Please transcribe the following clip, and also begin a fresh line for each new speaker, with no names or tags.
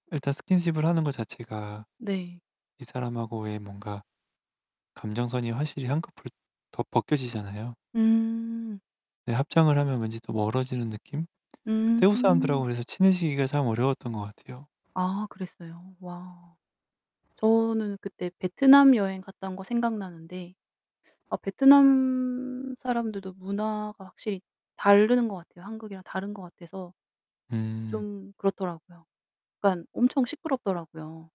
일단 스킨십을 하는 것 자체가
네.
이 사람하고의 뭔가 감정선이 확실히 한꺼풀 더 벗겨지잖아요.
음.
네. 합장을 하면 왠지 또 멀어지는 느낌? 태국 사람들하고
음.
그래서 친해지기가 참 어려웠던 것 같아요.
아 그랬어요? 와. 저는 그때 베트남 여행 갔다 온 거 생각나는데 아 베트남 사람들도 문화가 확실히 다른 것 같아요. 한국이랑 다른 것 같아서
네.
좀 그렇더라고요. 그러니깐 엄청 시끄럽더라고요.